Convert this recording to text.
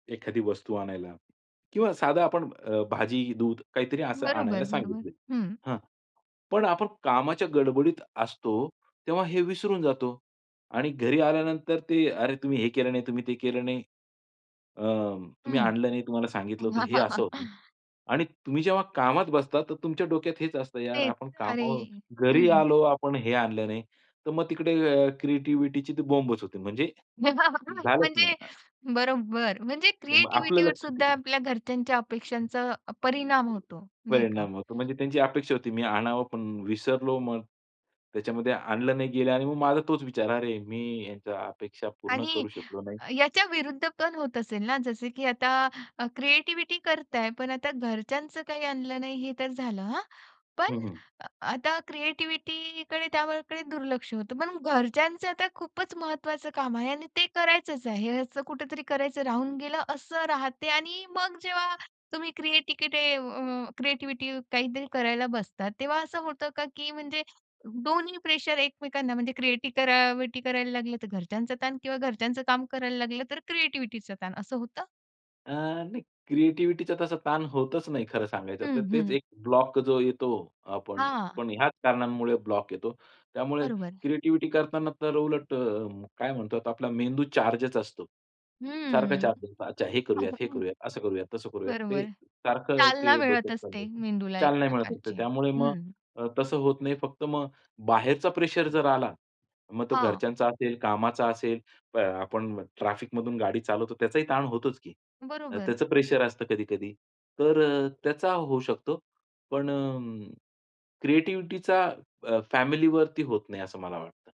एखादी वस्तू आणायला. किंवा साधं आपण अ, भाजी, दूध काहीतरी असं बरोबर आणायला [unintelligible] बरोबर. सांगितलं. हं. हां. पण आपण कामाच्या गडबडीत असतो, तेव्हा हे विसरून जातो. आणि घरी आल्यानंतर ते "अरे! तुम्ही हे केलं नाही, तुम्ही ते केलं नाही. अ, तुम्ही हं. आणलं नाही, तुम्हाला सांगितलं होतं." हे असं होतं. आणि तुम्ही जेव्हा कामात बसतात, तर तुमच्या डोक्यात हेच असतं, यार तेच. आपण अरे! कामावरून घरी हं. आलो. आपण हे आणलं नाही. तर मग तिकडे क्रिएटिव्हिटीची बोंबच होते. म्हणजे झालंच म्हणजे ना. बरोबर. म्हणजे तर मग आपलं क्रिएटिव्हिटीवर लक्ष सुद्धा तिकडे. आपल्या घरच्यांच्या अपेक्षांचा परिणाम [unintelligible] होतो, नाही का? परिणाम होतो. म्हणजे त्यांची अपेक्षा होती, मी आणावं. पण विसरलो, मग त्याच्यामध्ये आणलं नाही गेलं. आणि मग माझा तोच विचार, अरे! मी त्यांच्या अपेक्षा पूर्ण आणि करू शकलो नाही. अ, याच्या विरुद्धपण होत असेल ना? जसं की अ, आता क्रिएटिव्हिटी करताय पण आता घरच्यांच काही आणलं नाही, हे तर झालं हां. पण हं, हं. अ, आता क्रिएटिव्हिटीकडे त्यावर कडे त्याकडे दुर्लक्ष होत. पण घरच्यांच आता खूपच महत्वाच काम आहे, आणि ते करायचचं आहे. कुठेतरी करायचं राहून गेलं, असं राहते आणि मग जेव्हा तुम्ही क्रिएटिव्हिटीकडे अ, क्रिएटिव्हिटी काहीतरी करायला बसतात, तेव्हा असं होतं का? की म्हणजे दोन्ही प्रेशर एकमेकांना म्हणजे क्रिएटिव्हिटी करा व्हिटी करायला लागलं, तर घरच्यांचं ताण किंवा घरच्यांचं काम करायला लागलं तर क्रिएटिव्हिटीचा ताण, असं होतं? अ, नाही क्रिएटिव्हिटीचा तसा ताण होतच नाही, खरं सांगायचं तर. हं, तेच हं. एक ब्लॉक जो येतो आपण हां. पण ह्याच कारणांमुळे ब्लॉक येतो. त्यामुळे बरोबर. क्रिएटिव्हिटी करतांना तर उलट अ, काय म्हणतो आपला मेंदू चार्जच असतो. सारखा हं. चार्ज असतो. अच्छा, हे करूयात, हे [unintelligible] करूयात, असं करूया, तसं करूयात. ते बरोबर. सारखं चालना ते मिळत डोक्यात चालू असते, असतं. मेंदूला एक चालना मिळत असते. प्रकारची. त्यामुळे मग हं. अ, तसं होत नाही. फक्त मग बाहेरचा प्रेशर जर आला, मग तो हां. घरच्यांचा असेल, कामाचा असेल, [unintelligible] आपण ट्रॅफिकमधून गाडी चालवतो, त्याचाही ताण होतोच की. बरोबर. त्याचं प्रेशर असतं कधी-कधी. तर अ, त्याचा होऊ शकतो. पण अ, क्रिएटिव्हिटीचा अ, फॅमिलीवरती होत नाही असं मला वाटतं.